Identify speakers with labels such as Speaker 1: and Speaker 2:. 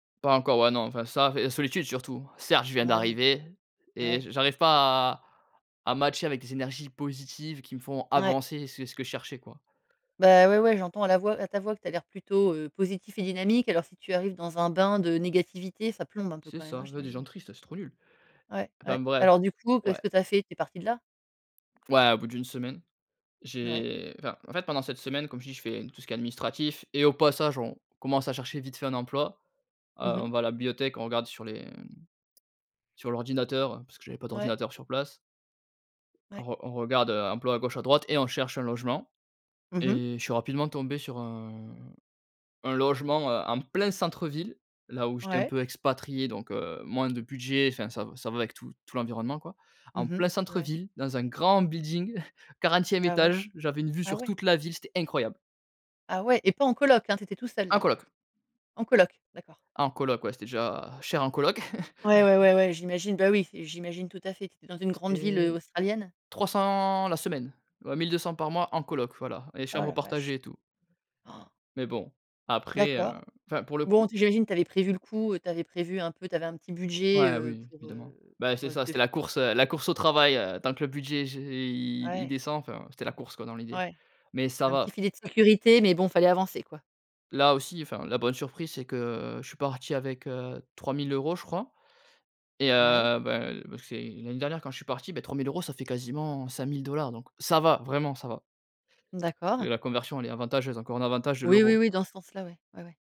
Speaker 1: Pas encore, ouais, non, enfin, ça fait solitude, surtout. Certes, je viens
Speaker 2: Ouais,
Speaker 1: d'arriver et
Speaker 2: ouais.
Speaker 1: j'a j'arrive pas à à matcher avec des énergies positives qui me font
Speaker 2: Ouais.
Speaker 1: avancer. C'est ce que je cherchais, quoi.
Speaker 2: Bah, ouais, ouais, j'entends à la voix à ta voix, que tu as l'air plutôt, heu, positif et dynamique. Alors, si tu arrives dans un bain de négativité, ça plombe un peu
Speaker 1: C'est
Speaker 2: quand même,
Speaker 1: ça,
Speaker 2: hein,
Speaker 1: ouais, des gens
Speaker 2: j'imagine.
Speaker 1: tristes, c'est trop nul.
Speaker 2: Ouais,
Speaker 1: Enfin
Speaker 2: ouais.
Speaker 1: bref,
Speaker 2: Alors, du coup, qu'est-ce
Speaker 1: ouais.
Speaker 2: que tu as fait? Tu es parti de là?
Speaker 1: Ouais, au bout d'1 semaine,
Speaker 2: Ouais.
Speaker 1: j'ai enfin, en fait, pendant cette semaine, comme je t'ai dis, j'ai fait tout ce qui est administratif et au passage, on commence à chercher vite fait un emploi, heu,
Speaker 2: Mmh
Speaker 1: on
Speaker 2: mh.
Speaker 1: va à la bibliothèque, on regarde sur les, mmh, sur l'ordinateur parce que j'avais pas
Speaker 2: Ouais.
Speaker 1: d'ordinateur sur place. On
Speaker 2: Ouais.
Speaker 1: re on regarde, heu, emploi à gauche, à droite et on cherche un logement
Speaker 2: Mmh mh.
Speaker 1: et je suis rapidement tombé sur un un logement, heu, en plein centre-ville, là où j'étais un
Speaker 2: Ouais.
Speaker 1: peu expatrié, donc, heu, moins de budget, enfin ça v ça va avec tout tout l'environnement, quoi. En
Speaker 2: Mmh mh,
Speaker 1: plein
Speaker 2: ouais.
Speaker 1: centre-ville, dans un grand building, 40e
Speaker 2: Ah ouais.
Speaker 1: étage, j'avais une vue
Speaker 2: Ah
Speaker 1: sur
Speaker 2: ouais?
Speaker 1: toute la ville, c'était incroyable.
Speaker 2: Ah ouais et pas en coloc, hein? Tu étais tout seul,
Speaker 1: En
Speaker 2: là?
Speaker 1: coloc.
Speaker 2: En coloc? D'accord.
Speaker 1: En coloc, ouais, c'était déjà cher, en coloc.
Speaker 2: Ouais, ouais, ouais, ouais, j'imagine. Bah oui, j'imagine tout à fait. Tu étais dans une grande ville, heu,
Speaker 1: C'était
Speaker 2: australienne?
Speaker 1: 300 la semaine, ouais, 1 200 par mois en coloc, voilà et
Speaker 2: Oh
Speaker 1: chambre
Speaker 2: la vache.
Speaker 1: partagée et tout. Mais bon, après, heu,
Speaker 2: D'accord.
Speaker 1: enfin, pour le
Speaker 2: Bon,
Speaker 1: coup
Speaker 2: j'imagine que tu avais prévu le coup, heu, tu avais prévu un peu, tu avais un petit budget,
Speaker 1: Ouais,
Speaker 2: heu,
Speaker 1: oui,
Speaker 2: pour,
Speaker 1: évidemment,
Speaker 2: heu,
Speaker 1: ben,
Speaker 2: pour,
Speaker 1: c'est
Speaker 2: heu,
Speaker 1: ça,
Speaker 2: te f
Speaker 1: c'était la course, heu, la course au travail, heu, tant que le budget, j'ai i il
Speaker 2: Ouais.
Speaker 1: descend, enfin, c'était la course, quoi, dans l'idée,
Speaker 2: Ouais.
Speaker 1: mais ça
Speaker 2: Un petit
Speaker 1: va.
Speaker 2: filet de sécurité, mais bon, il fallait avancer, quoi.
Speaker 1: Là aussi, enfin, la bonne surprise, c'est que je suis parti avec, heu, 3 000 €, je crois et heu,
Speaker 2: Ouais.
Speaker 1: bah, bah parce que c'est l'année dernière quand je suis parti, bah, 3 000 €, ça fait quasiment 5 000 $, donc ça va, vraiment ça va.
Speaker 2: D'accord.
Speaker 1: La conversion, elle est avantageuse, encore un avantage de
Speaker 2: Oui, oui,
Speaker 1: l'euro.
Speaker 2: oui, dans ce sens-là, ouais. Ouais, ouais.